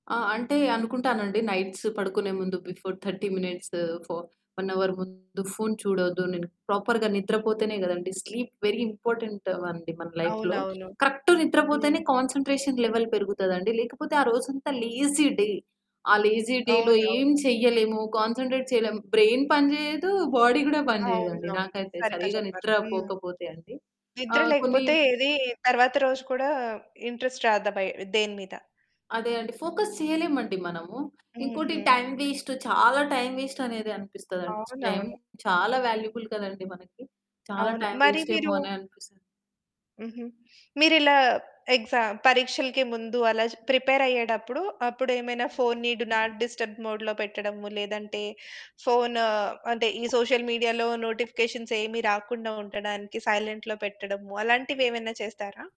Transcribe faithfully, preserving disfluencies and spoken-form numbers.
ఆ! అంటే అనుకుంటానండి. నైట్స్ పడుకునే ముందు before thirty minutes, for one hour ముందు ఫోను చూడద్దు నేను, ప్రాపర్‌గా నిద్రపోతేనే కదండీ! స్లీప్ వెరీ ఇంపార్టెంట్ అండి మన లైఫ్‌లో. అవునవును. కరెక్ట్ హ్మ్. నిద్రపోతేనే కాన్సంట్రేషన్ లెవెల్ పెరుగుతదండి. లేకపోతే ఆ రోజంతా లేజీ డే. ఆ లేజీ డేలో ఏం అవునవును. చేయలేము. కాన్సంట్రేట్ చేయలేము. బ్రైన్ పని చేయదు. బాడీ కూడా పని చేయదండి. అవునవును. నాకైతే సరిగ్గా సరిగ్గా చెప్పారు. నిద్ర హ్మ్. పోకపోతే అండి. నిద్ర ఆహ్, కొన్ని లేకపోతే ఏది తరువాత రోజు కూడా ఇంట్రెస్ట్ రాదు దబయ్ దేని మీద. అదే అండి. ఫోకస్ చేయలేమండి మనము. ఇంకోటి హుహు. టైమ్ వేస్టు చాలా టైమ్ వేస్టు అనేది అనిపిస్తదండి. టైమ్ అవునవును. చాలా వాల్యుబుల్ కదండీ మనకి. చాలా అవును. టైమ్ మరి వేస్ట్ ఏమో మీరు అననిపిస్తది. హుహు. మీరిలా ఎక్సామ్ పరీక్షలకి ముందు అలా ప్రిపేరయ్యేటప్పుడు. అప్పుడు ఏమైనా ఫోనుని డు నాట్ డిస్టర్బ్ మోడ్‌లో పెట్టడము. లేదంటే, ఫోను అంటే, ఈ సోషల్ మీడియాలో నోటిఫికేషన్స్ ఏమి రాకుండా ఉండడానికి సైలెంట్‌లో పెట్టడము. అలాంటివేవన్న చేస్తారా?